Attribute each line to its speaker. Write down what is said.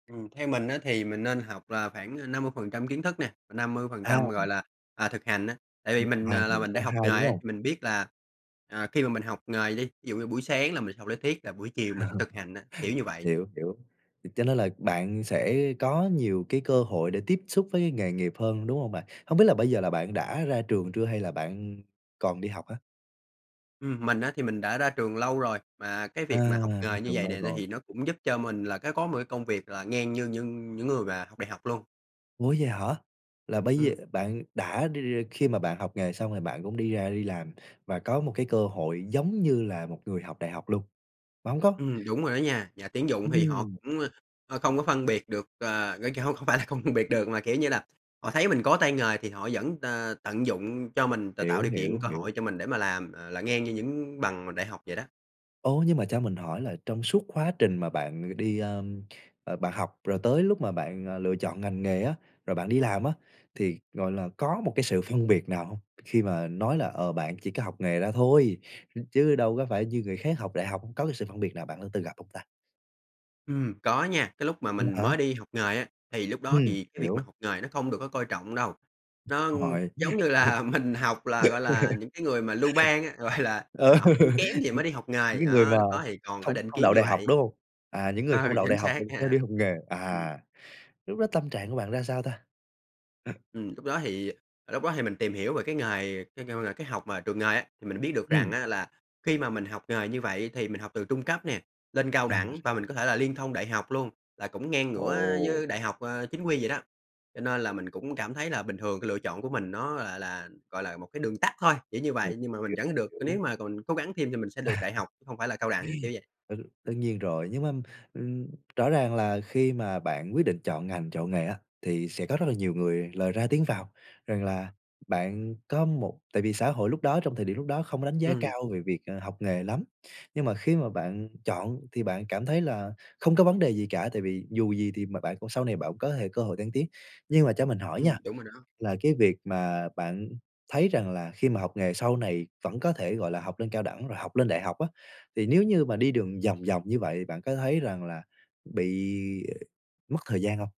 Speaker 1: Ừm, theo mình á thì mình nên học là khoảng, à, 50% kiến thức nè và năm mươi phần
Speaker 2: À!
Speaker 1: trăm, gọi là, à, thực hành á. Tại vì
Speaker 2: [unintelligible]
Speaker 1: mình,
Speaker 2: Và
Speaker 1: à, là
Speaker 2: được
Speaker 1: mình
Speaker 2: cả
Speaker 1: đã học nghề
Speaker 2: hai, đúng
Speaker 1: á
Speaker 2: hông?
Speaker 1: thì mình biết là, à, khi mà mình học nghề đi, thí dụ như buổi sáng là mình học lý thuyết là buổi chiều mình sẽ thực hành á, kiểu như vậy.
Speaker 2: Hiểu, hiểu. Vậy cho nên là bạn sẽ có nhiều cái cơ hội để tiếp xúc với cái nghề nghiệp hơn, đúng hông bạn? Hông biết là bây giờ là bạn đã ra trường chưa hay là bạn còn đi học hả?
Speaker 1: Ừm, mình á thì mình đã ra trường lâu rồi, mà cái
Speaker 2: À,
Speaker 1: việc mà học
Speaker 2: ra
Speaker 1: nghề như
Speaker 2: trường
Speaker 1: vầy nè
Speaker 2: lâu
Speaker 1: ấy
Speaker 2: rồi.
Speaker 1: thì nó cũng giúp cho mình là cái có một cái công việc là ngang như nhưng những người mà học đại học luôn.
Speaker 2: Ủa vậy hả? Là bây giờ
Speaker 1: Ừm.
Speaker 2: bạn đã đi đi khi mà bạn học nghề xong rồi bạn cũng đi ra đi làm và có một cái cơ hội giống như là một người học đại học luôn? Bạn hổng có
Speaker 1: Ừm, đúng rồi đó nha, nhà tuyển dụng thì họ
Speaker 2: Ừm!
Speaker 1: cũng, ờ, không có phân biệt được, ờ, cái không, không phải là không phân biệt được mà, kiểu như là, họ thấy mình có tay nghề thì họ vẫn, ờ, tận dụng cho mình, t tạo
Speaker 2: Hiểu,
Speaker 1: điều
Speaker 2: hiểu,
Speaker 1: kiện, cơ
Speaker 2: hiểu.
Speaker 1: hội cho mình để mà làm, à, là ngang như những bằng mà đại học vậy đó.
Speaker 2: Ô, nhưng mà cho mình hỏi là trong suốt quá trình mà bạn đi, ơ, ờ, bạn học rồi tới lúc mà bạn, à, lựa chọn ngành nghề á, rồi bạn đi làm á, thì, gọi là, có một cái sự phân biệt nào hông? Khi mà nói là, ờ, bạn chỉ có học nghề ra thôi, ch chứ đâu có phải như người khác học đại học. Có cái sự phân biệt nào bạn đã từng gặp hông ta?
Speaker 1: Ừm, có nha, cái lúc mà
Speaker 2: V
Speaker 1: mình
Speaker 2: hả?
Speaker 1: mới đi học nghề á, thì lúc đó
Speaker 2: Ừm,
Speaker 1: thì cái việc mà
Speaker 2: hiểu.
Speaker 1: học nghề nó không được có coi trọng đâu, nó
Speaker 2: Rồi.
Speaker 1: giống như là mình học là, gọi là, những cái người mà lưu ban á, gọi là,
Speaker 2: Ừ,
Speaker 1: à, học sinh kém thì
Speaker 2: nh
Speaker 1: mới đi học
Speaker 2: những
Speaker 1: nghề,
Speaker 2: cái người
Speaker 1: đó,
Speaker 2: mà
Speaker 1: lúc đó thì còn có
Speaker 2: không
Speaker 1: định
Speaker 2: không
Speaker 1: kiến
Speaker 2: đậu
Speaker 1: như
Speaker 2: đại học,
Speaker 1: vậy.
Speaker 2: đúng hông? À, những người không
Speaker 1: Ừ,
Speaker 2: đậu
Speaker 1: chính
Speaker 2: đại học
Speaker 1: xác
Speaker 2: mỉnh mới
Speaker 1: nha.
Speaker 2: đi học nghề,
Speaker 1: Ừm.
Speaker 2: à. Lúc đó tâm trạng của bạn ra sao ta?
Speaker 1: Ừm, lúc đó thì ờ, lúc đó thì mình tìm hiểu về cái nghề kêu kêu là cái học mà trường nghề á, thì mình biết được rằng
Speaker 2: Ừm!
Speaker 1: á là khi mà mình học nghề như vậy thì mình học từ trung cấp nè, lên cao
Speaker 2: À.
Speaker 1: đẳng và mình có thể là liên thông đại học luôn, là cũng ngang ngửa
Speaker 2: Ồ.
Speaker 1: với đại học, à, chính quy vậy đó, cho nên là mình cũng cảm thấy là bình thường lựa chọn của mình nó là là, gọi là, một cái đường tắt thôi, kiểu như
Speaker 2: Hiểu,
Speaker 1: vậy, nhưng mà mình vẫn được
Speaker 2: hiểu.
Speaker 1: nếu mà còn cố gắng thêm thì mình sẽ được đại học chứ không phải là cao đẳng, kiểu vậy.
Speaker 2: Đ đương nhiên rồi, nhưng mà, ừm, rõ ràng là khi mà bạn quyết định chọn ngành, chọn nghề á, thì sẽ có rất là nhiều người lời ra tiếng vào rằng là bạn có một tại vì xã hội lúc đó, trong thời điểm lúc đó không có đánh giá
Speaker 1: Ừm.
Speaker 2: cao về việc, ờ, học nghề lắm, nhưng mà khi mà bạn chọn thì bạn cảm thấy là không có vấn đề gì cả, tại vì dù gì thì mà bạn cũng sau này bạn cũng có thể cơ hội thăng tiến. Nhưng mà cho mình hỏi
Speaker 1: Ừm,
Speaker 2: nha,
Speaker 1: đúng rồi đó.
Speaker 2: là cái việc mà bạn thấy rằng là khi mà học nghề sau này vẫn có thể, gọi là, học lên cao đẳng rồi học lên đại học á, thì nếu như mà đi đường vòng vòng như vậy thì bạn có thấy rằng là bị mất thời gian hông?